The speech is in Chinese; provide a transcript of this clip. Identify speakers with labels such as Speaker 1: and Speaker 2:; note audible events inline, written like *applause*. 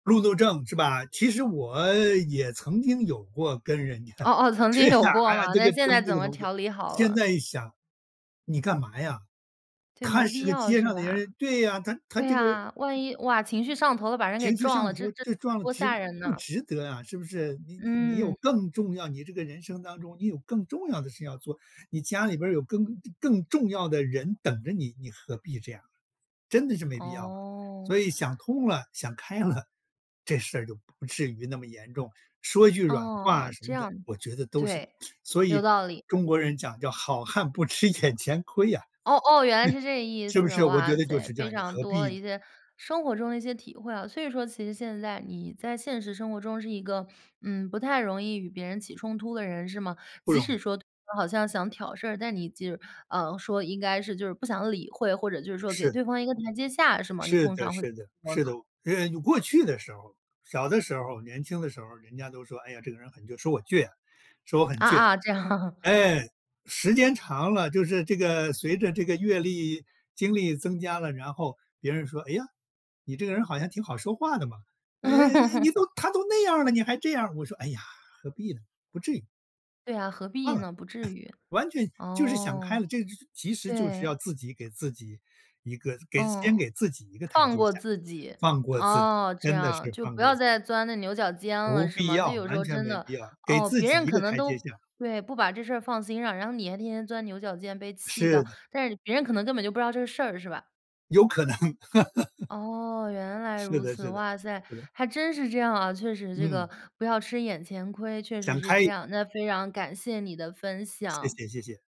Speaker 1: 路怒症是吧。其实我也曾经有过跟人家
Speaker 2: 哦哦，曾
Speaker 1: 是
Speaker 2: 经
Speaker 1: 呀，
Speaker 2: 有
Speaker 1: 哎
Speaker 2: 过
Speaker 1: 呀，
Speaker 2: 嘛，
Speaker 1: 这
Speaker 2: 那
Speaker 1: 个
Speaker 2: 现在
Speaker 1: 争这
Speaker 2: 怎
Speaker 1: 个
Speaker 2: 么
Speaker 1: 东西。
Speaker 2: 调理好
Speaker 1: 现
Speaker 2: 了？
Speaker 1: 在一想，你干嘛呀？
Speaker 2: 对，
Speaker 1: 他
Speaker 2: 没
Speaker 1: 是
Speaker 2: 必
Speaker 1: 个
Speaker 2: 要
Speaker 1: 街
Speaker 2: 是
Speaker 1: 上的
Speaker 2: 吧？
Speaker 1: 人对呀，他他
Speaker 2: 对
Speaker 1: 这个
Speaker 2: 呀，万一，哇，情绪上头了，把人给
Speaker 1: 情绪
Speaker 2: 撞
Speaker 1: 上
Speaker 2: 了，这
Speaker 1: 头
Speaker 2: 这这
Speaker 1: 就撞了
Speaker 2: 多
Speaker 1: 值
Speaker 2: 吓人
Speaker 1: 不
Speaker 2: 呐。
Speaker 1: 值得啊，是不是？你你你
Speaker 2: 嗯。
Speaker 1: 有更重要你这个人生当中你有更重要的事要做，你家里边儿有更更更更重要的人等着你，你何必这样？真的是没必要了。
Speaker 2: 哦。
Speaker 1: 所以想通了、想开了，这事儿就不至于那么严重。说一句软话
Speaker 2: 哦，
Speaker 1: 什
Speaker 2: 这
Speaker 1: 么的，
Speaker 2: 样，
Speaker 1: 我觉得都是
Speaker 2: 对，
Speaker 1: 所
Speaker 2: 有
Speaker 1: 以
Speaker 2: 道理。
Speaker 1: 中国人讲叫好汉不吃眼前亏呀，
Speaker 2: 哦哦，原来是这个
Speaker 1: *laughs*
Speaker 2: 意
Speaker 1: 是不
Speaker 2: 思。
Speaker 1: 是？我觉
Speaker 2: 哇
Speaker 1: 得就
Speaker 2: 塞，
Speaker 1: 是这
Speaker 2: 非
Speaker 1: 样，你
Speaker 2: 常
Speaker 1: 何
Speaker 2: 多
Speaker 1: 必
Speaker 2: 的
Speaker 1: 呢？
Speaker 2: 一些生活中的一些体会啊。所以说其实现在你在现实生活中是一个，嗯，不太容易与别人起冲突的人是吗？
Speaker 1: 不
Speaker 2: 即
Speaker 1: 容易。
Speaker 2: 使说对方好像想挑事儿，但你就是，呃，说应该是就是不想理会，或者就是说给
Speaker 1: 是。
Speaker 2: 对方一个台阶下，是吗？你
Speaker 1: 是
Speaker 2: 通
Speaker 1: 的
Speaker 2: 常会怎
Speaker 1: 是的
Speaker 2: 么说
Speaker 1: 是的，
Speaker 2: 呢？
Speaker 1: 呃，有过去的时候。小的时候，年轻的时候，人家都说：“哎呀，这个人很倔。”说我倔啊，说我很
Speaker 2: 啊
Speaker 1: 倔。
Speaker 2: 啊，这样。
Speaker 1: 哎，时间长了，就是这个随着这个阅历、经历增加了，然后别人说：“哎呀，你这个人好像挺好说话的嘛，哎哎哎，你
Speaker 2: *laughs*
Speaker 1: 都他都那样儿了，你还这样。“我说：“哎呀，何必呢，不至于。”
Speaker 2: 对啊，何
Speaker 1: 算了，
Speaker 2: 必
Speaker 1: *chuckles*
Speaker 2: 呢？不至于，
Speaker 1: 完全就是想开
Speaker 2: 哦，
Speaker 1: 了。这其实就是
Speaker 2: 对。
Speaker 1: 要自己给自己一个给
Speaker 2: 嗯，
Speaker 1: 先给自己一个台
Speaker 2: 放
Speaker 1: 阶
Speaker 2: 过
Speaker 1: 下，
Speaker 2: 自己。
Speaker 1: 放过自己，
Speaker 2: 哦，这
Speaker 1: 真的是
Speaker 2: 样，就
Speaker 1: 放
Speaker 2: 不
Speaker 1: 过
Speaker 2: 要
Speaker 1: 自己。
Speaker 2: 再钻这牛角尖了
Speaker 1: 不
Speaker 2: 是
Speaker 1: 必
Speaker 2: 吗？就
Speaker 1: 要，
Speaker 2: 有时
Speaker 1: 完
Speaker 2: 候
Speaker 1: 全
Speaker 2: 真
Speaker 1: 没
Speaker 2: 的，
Speaker 1: 必要，给
Speaker 2: 哦，
Speaker 1: 自
Speaker 2: 别
Speaker 1: 己
Speaker 2: 人
Speaker 1: 一
Speaker 2: 可
Speaker 1: 个
Speaker 2: 能
Speaker 1: 台阶
Speaker 2: 都
Speaker 1: 下。
Speaker 2: 对，不把这事儿放心上。然后你还天天钻牛角尖被气
Speaker 1: 是
Speaker 2: 到，
Speaker 1: 的。
Speaker 2: 但是别人可能根本就不知道这事儿是吧？
Speaker 1: 有可能。*laughs*
Speaker 2: 哦，原来
Speaker 1: 是
Speaker 2: 如
Speaker 1: 的
Speaker 2: 此。
Speaker 1: 是的，
Speaker 2: 哇塞，
Speaker 1: 是的。
Speaker 2: 还真是这样啊。确实这个
Speaker 1: 嗯。
Speaker 2: 不要吃眼前亏，确实
Speaker 1: 想
Speaker 2: 是
Speaker 1: 开
Speaker 2: 这
Speaker 1: 一
Speaker 2: 样，那非常感谢你的分享。
Speaker 1: 谢谢谢谢。